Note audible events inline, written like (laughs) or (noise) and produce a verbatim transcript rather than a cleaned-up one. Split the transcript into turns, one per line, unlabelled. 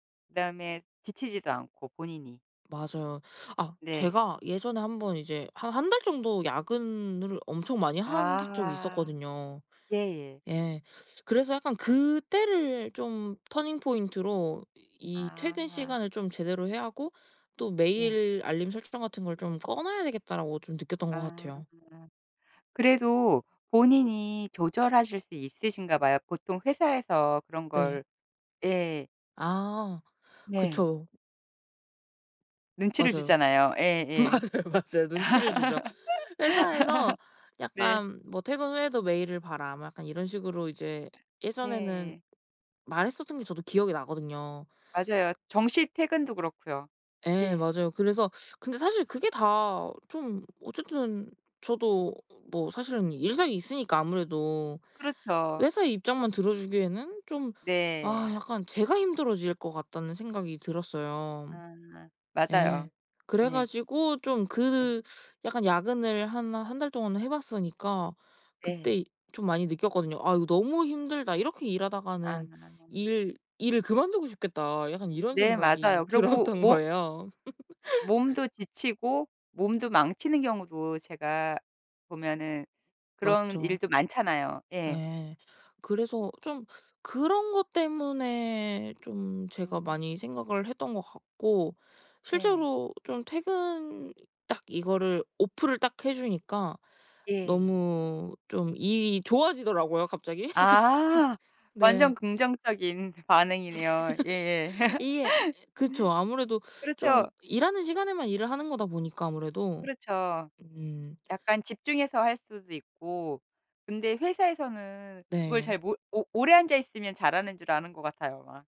그다음에 지치지도 않고 본인이.
맞아요. 아
네.
제가 예전에 한번 이제 한 한 달 정도 야근을 엄청 많이 한 던 적이
아.
있었거든요.
예예.
예. 그래서 약간 그때를 좀 터닝 포인트로 이 '퇴근
아.
시간을 좀 제대로 해야 하고 또
예.
메일 알림 설정 같은 걸 좀 꺼 놔야 되겠다.'라고 좀 느꼈던 것
아.
같아요.
그래도 본인이 조절하실 수 있으신가 봐요. 보통 회사에서 그런
네.
걸 예.
아
네.
그쵸.
눈치를
맞아요.
주잖아요. 예예.
맞아요, 맞아요. 눈치를 주죠. 회사에서
(laughs) 네.
약간 뭐 "퇴근 후에도 메일을 봐라." 뭐 약간 이런 식으로 이제 예전에는
네예.
말했었던 게 저도 기억이 나거든요.
맞아요. 정시 퇴근도 그렇고요.
예
예.
맞아요. 그래서 근데 사실 그게 다 좀 어쨌든 저도 뭐 사실은 일상이 있으니까 아무래도
그렇죠.
회사의 입장만 들어주기에는 좀 아
네.
약간 제가 힘들어질 것 같다는 생각이 들었어요.
아 맞아요.
예. 그래
예.
가지고 좀
예.
그 약간 야근을 한 한 달 동안은 해 봤으니까 그때
네.
이 좀 많이 느꼈거든요. '아 이거 너무 힘들다. 이렇게
아.
일하다가는 일 일을 그만두고 싶겠다.' 약간 이런
네
생각이
맞아요. 그리고
들었던
모
거에요. (laughs)
몸도 지치고 몸도 망치는 경우도 제가 보면은 그런
맞죠.
일도 많잖아요. 예.
예. 그래서 좀 그런 것 때문에 좀 제가
음.
많이 생각을 했던 것 같고
네.
실제로 좀 퇴근 딱 이거를 오프를 딱 해 주니까
예.
너무 좀 일이 좋아지더라고요 갑자기.
아
(laughs)
완전
네.
긍정적인 반응이네요. 예예.
(laughs)
(laughs)
이게 그쵸. 아무래도 좀
그렇죠.
일하는 시간에만 일을 하는 거다 보니까 아무래도.
그렇죠.
음.
약간 집중해서 할 수도 있고 근데 회사에서는 그걸
네.
잘 몰 오 오래 앉아 있으면 잘하는 줄 아는 것 같아요 막.